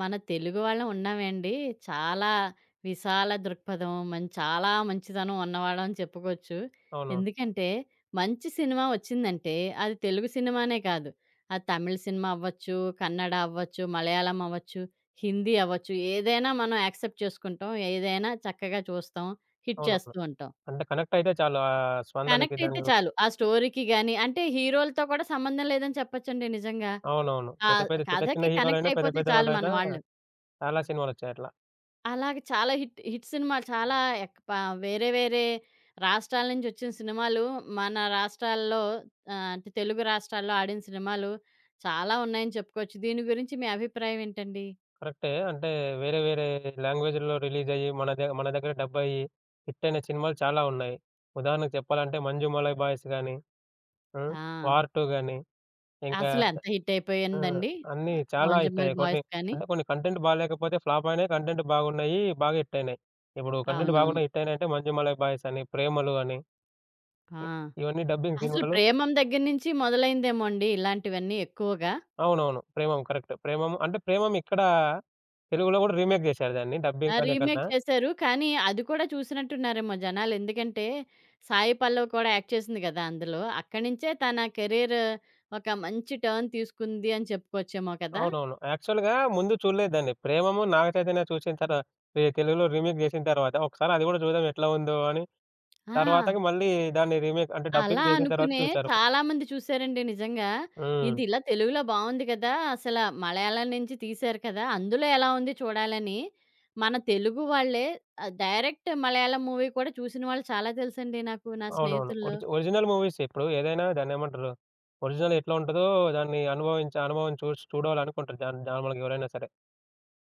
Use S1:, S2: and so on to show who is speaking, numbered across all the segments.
S1: మన తెలుగు వాళ్ళం ఉన్నామే అండి, చాలా విశాల దృక్పథం, మన్ చాలా మంచితనం ఉన్నవాళ్ళని చెప్పుకోవచ్చు.
S2: అవునవును.
S1: ఎందుకంటే మంచి సినిమా ఒచ్చిందంటే అది తెలుగు సినిమానే కాదు. అది తమిళ్ సినిమా అవొచ్చు, కన్నడ అవొచ్చు, మలయాళం అవొచ్చు, హిందీ అవొచ్చు, ఏదైనా మనం యాక్సెప్ట్ చేసుకుంటాం. ఏదైనా చక్కగా చూస్తాం. హిట్
S2: అవునవును.
S1: చేస్తూ ఉంటాం.
S2: అంటే కనెక్ట్ అయితే చాలు. ఆహ్, స్పందన
S1: కనెక్ట్ అయితే
S2: విధంగా
S1: చాలు. ఆ స్టోరీకి గాని, అంటే హీరోలతో కూడా సంబంధం లేదని చెప్పొచ్చండి నిజంగా.
S2: అవునవును. పెద్ద
S1: ఆహ్,
S2: పెద్ద, చిన్న చిన్న
S1: కథకి కనెక్ట్
S2: హీరోలైనా, పెద్ద
S1: అయిపోతే
S2: పెద్ద
S1: చాలు
S2: వాళ్ళైనా
S1: మనవాళ్ళు.
S2: చాలా సినిమాలు వచ్చాయి అట్లా.
S1: అలాగ చాలా హిట్ హిట్ సినిమాలు, చాలా అక్ పా ఆహ్, వేరే వేరే రాష్ట్రాల నుంచొచ్చిన సినిమాలు మన రాష్ట్రాల్లో, ఆహ్, అంటే తెలుగు రాష్ట్రాల్లో ఆడిన సినిమాలు చాలా ఉన్నాయని చెప్పుకోవచ్చు. దీని గురించి మీ అభిప్రాయమేంటండి?
S2: కరెక్టే. అంటే వేరే వేరే లాంగ్వేజిల్లో రిలీజ్ అయ్యి మన దే మన దగ్గర డబ్ అయ్యి హిట్ అయిన సినిమాలు చాలా ఉన్నాయి. ఉదాహరణకు చెప్పాలంటే 'మంజుమలయ్ బాయ్స్' గాని, హ్మ్,
S1: ఆ!
S2: 'వార్ 2' గాని. ఇంకా
S1: అసలెంత హిట్
S2: ఆ!
S1: అయిపోయిందండి.
S2: అన్నీ
S1: ఆహ్,
S2: చాలా హిట్
S1: 'మంజుమలై
S2: అయ్యాయి. కొన్ని
S1: బాయ్స్' కాని.
S2: అంటే కొన్ని కంటెంట్ బాగాలేకపోతే ఫ్లాప్ అయినాయి. కంటెంట్ బాగున్నాయి, బాగా హిట్ అయినాయి. ఇప్పుడు కంటెంట్
S1: అవునవును.
S2: బాగున్నాయి హిట్ అయినాయంటే 'మంజుమలై బాయ్స్' అని, 'ప్రేమలు' అని.
S1: ఆ!
S2: ఇవన్నీ డబ్బింగ్
S1: అసలు
S2: సినిమాలు.
S1: 'ప్రేమమ్' దగ్గర నుంచి మొదలైందేమోండి. ఇలాంటివన్నీ ఎక్కువగా.
S2: అవునవును. 'ప్రేమమ్' కరెక్ట్. 'ప్రేమమ్' అంటే 'ప్రేమమ్' ఇక్కడ తెలుగులో గూడా రీమేక్ జేశారు. దాన్ని
S1: ఆ!
S2: డబ్బింగ్ అనే
S1: రీమేక్
S2: కన్నా.
S1: చేసారు, కానీ అది కూడా చూసినట్టున్నారేమో జనాలెందుకంటే సాయి పల్లవి కూడా యాక్ట్ చేసింది గదా! అందులో. అక్కడ్నించే తన కెరియర్ ఒక మంచి టర్న్ తీసుకుంది అని చెప్పుకోవచ్చేమో కదా!
S2: అవునవును. యాక్చువల్‌గా ముందు చూడలే దాన్ని. 'ప్రేమము' నాగచైతన్య చూసిన తర్వా ఈ తెలుగులో రీమేక్ జేసిన తరువాత ఒకసారి అది గూడా జూదాం ఎట్లా ఉందో అని,
S1: ఆ!
S2: తరువాతకు మళ్ళీ దాన్ని రీమేక్ అంటే
S1: అలా
S2: డబ్బింగ్ చేసిన తర్వాత
S1: అనుకునే
S2: చూసారు.
S1: చాలామంది చూసారండి నిజంగా.
S2: హ్మ్.
S1: ఇదిలా తెలుగులో బాగుంది గదా! అసలు మలయాళం నుంచి తీశారు కదా! అందులో ఎలా ఉంది చూడాలని మన తెలుగు వాళ్ళే ఆహ్, డైరెక్ట్ మలయాళం మూవీ కూడా చూసినవాళ్ళు చాలా తెలుసండి నాకు నా
S2: అవునవును.
S1: స్నేహితుల్లో.
S2: ఒరిజి ఒరిజినల్ మూవీస్ ఇప్పుడు ఏదైనా దాన్నేమంటారు, ఒరిజినల్ ఎట్లుంటదో దాన్ని అనుభవించే అనుభవం చూసి చూడాలనుకుంటారు జన్ నార్మల్‌గా ఎవరైనా సరే.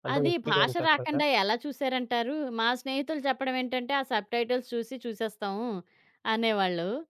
S2: అంటే
S1: అది భాష
S2: ఎక్స్పీరియన్స్ సకరగా
S1: రాకుండా ఎలా చూసారంటారు? మా స్నేహితులు చెప్పేదేంటంటే ఆ సబ్‌-టైటిల్స్ చూసి చూసేస్తాము అనేవాళ్ళు.